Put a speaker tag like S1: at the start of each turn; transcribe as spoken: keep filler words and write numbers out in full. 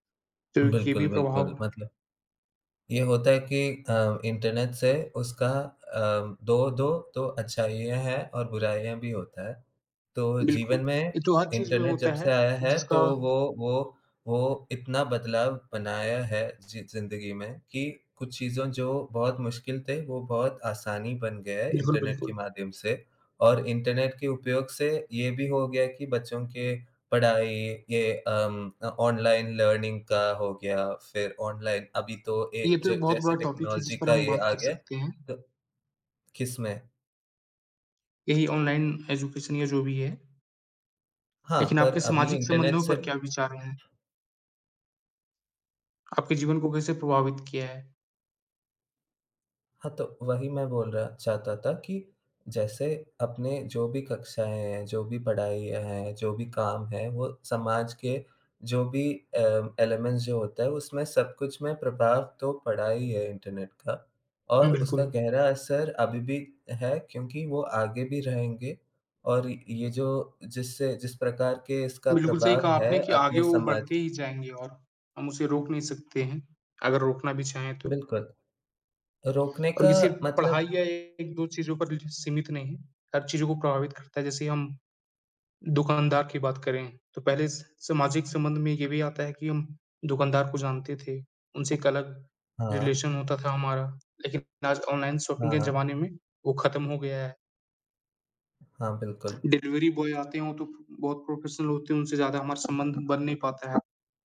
S1: तो
S2: उ
S1: ये
S2: बिल्कुल,
S1: भी
S2: बिल्कुल।
S1: प्रभाव
S2: मतलब ये होता है कि अ, इंटरनेट से उसका अ, दो दो दो अच्छाइयाँ हैं और बुराइयाँ भी होता हैं। तो
S1: बिल्कुल।
S2: जीवन में
S1: ये तो हर चीज़ में
S2: इंटरनेट जब
S1: होता
S2: से
S1: है
S2: आया है
S1: जिसका
S2: तो वो वो वो इतना बदलाव बनाया है जी ज़िंदगी में कि कुछ चीज़ों जो बहुत मुश्किल थे वो बहुत आसानी बन गया है
S1: बिल्कुल,
S2: इंटरनेट के
S1: बिल्कुल।
S2: माध्यम से। और इंटरनेट के उपयोग से ये भी हो गया कि बच्चों के पढ़ाई ये अम, अ, ऑनलाइन लर्निंग का हो गया, फिर ऑनलाइन अभी तो ए
S1: ये तो एक
S2: ज
S1: बहुत
S2: जैसे
S1: बड़ा टॉपिक है, जिस
S2: टेक्नोलॉज़ी
S1: पर
S2: का
S1: हम बात
S2: यह आ
S1: कर
S2: गया
S1: सकते हैं।
S2: तो किसमें?
S1: यही ऑनलाइन एजुकेशन या जो भी है।
S2: हाँ,
S1: लेकिन
S2: पर
S1: आपके
S2: अभी
S1: सामाजिक
S2: इंटरनेट
S1: संबंधों
S2: से
S1: पर क्या विचार हैं? आपके जीवन को कैसे प्रभावित किया है?
S2: हाँ, तो वही मैं बोल रहा चाहता था कि जैसे अपने जो भी कक्षाएँ हैं, जो भी पढ़ाइयाँ हैं, जो भी काम हैं, वो समाज के जो भी अ, एलीमेंट्स जो होते है, उसमें सब कुछ में प्रभाव तो पड़ा ही है इंटरनेट का।
S1: हुँ,
S2: और उसका
S1: बिल्कुल।
S2: गहरा असर अभी भी है क्योंकि वो आगे भी रहेंगे। और ये जो जिससे जिस प्रकार के इसका
S1: बिल्कुल सही
S2: प्रभाव
S1: कहा
S2: है
S1: आपने कि आगे
S2: अपने
S1: वो
S2: समाज
S1: बढ़ते ही जाएँगे और हम उसे रोक नहीं सकते हैं, अगर रोकना भी चाहें तो।
S2: बिल्कुल। रोकने
S1: और
S2: का
S1: ये सिर्फ़ पढ़ाई
S2: मतलब
S1: या एक दो चीज़ों पर ही सीमित नहीं है, हर चीज़ को प्रभावित करता है। जैसे हम, दुकानदार की बात करें तो पहले स सामाजिक संबंध में ये भी आता है कि हम दुकानदार को जानते थे, उनसे एक अलग
S2: हाँ।
S1: रिलेशन होता था हमारा। लेकिन आज ऑनलाइन शॉपिंग
S2: हाँ,
S1: के
S2: हाँ।
S1: ज़माने में वो ख़त्म हो गया है।
S2: हाँ, बिल्कुल।
S1: डिलीवरी बॉय आते हैं, वो तो बहुत प्रोफ़ेशनल होते हैं उनसे ज़्यादा हमारा संबंध बन नहीं पाता है।